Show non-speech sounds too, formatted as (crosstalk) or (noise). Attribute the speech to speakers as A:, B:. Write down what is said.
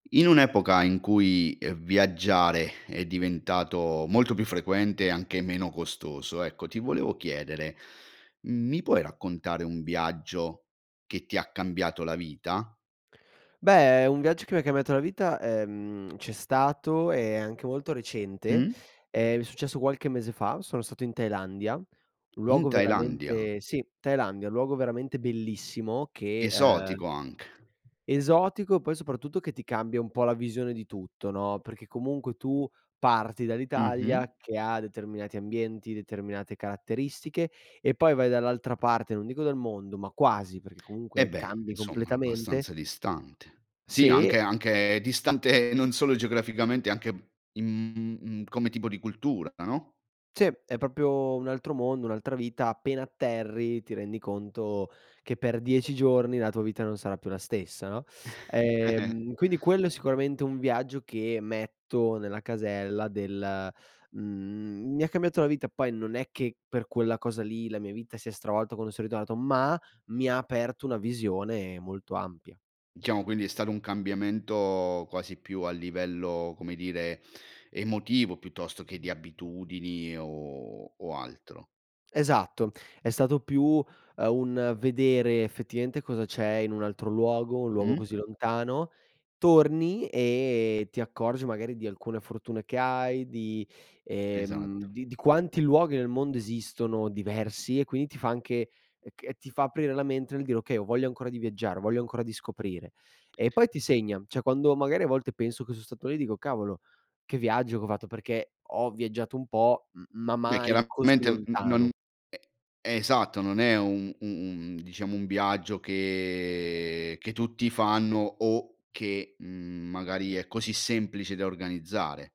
A: In un'epoca in cui, ehm, viaggiare è diventato molto più frequente e anche meno costoso, ecco, ti volevo chiedere, mi puoi raccontare un viaggio che ti ha cambiato la vita?
B: Beh, un viaggio che mi cambiato la vita, ehm, c'è stato e anche molto recente.
A: Mh.
B: È successo qualche mese fa, sono stato in Thailandia, un
A: In
B: luogo
A: Thailandia?
B: veramente sì, Thailandia. Un luogo veramente bellissimo che, uhm
A: Esotico anche.
B: Esotico e poi soprattutto che ti cambia un po' la visione di tutto, no. Perché comunque tu parti
A: Mh-mh.
B: dall'Italia che ha determinati ambienti, determinate caratteristiche e poi vai dall'altra parte, non dico del mondo, ma quasi, perché
A: Eh
B: comunque
A: beh,
B: cambi
A: insomma,
B: completamente.
A: abbastanza distante. Sì,
B: Sì.
A: anche anche distante non solo geograficamente anche m m m come tipo di cultura, no?
B: Sì, è proprio un altro mondo, un'altra vita, appena atterri ti rendi conto che per 10 giorni la tua vita non sarà più la stessa, no.
A: (chuckles)
B: Ehm, quindi quello è sicuramente un viaggio che metto nella casella del mhmm, mi ha cambiato la vita poi non è che per quella cosa lì la mia vita si è stravolta quando sono ritornato, ma mi aperto una visione molto ampia.
A: Diciamo quindi è stato un cambiamento quasi più a livello, come dire, emotivo piuttosto che di abitudini o o altro?
B: Esatto, è stato più, uhm, un vedere effettivamente cosa c'è in un altro luogo, un luogo
A: Mh.
B: così lontano. Torni e ti accorgi magari di alcune fortune che hai, di, ehm,
A: Esatto.
B: di di quanti luoghi nel mondo esistono diversi e quindi ti fa anche e ch ti fa aprire la mente nel dire: "Okay, ho voglia ancora di viaggiare, ho voglia ancora di scoprire". E poi ti segna. Cioè, quando magari a volte penso che son stato lì dico: "Cavolo, che viaggio che ho fatto", perché ho viaggiato un po', m
A: M m
B: ma
A: beh,
B: mai così
A: chiaramente n non
B: lontano.
A: e esatto, non è un u un diciamo un viaggio che che tutti fanno o che, mhmm, magari è così semplice da organizzare.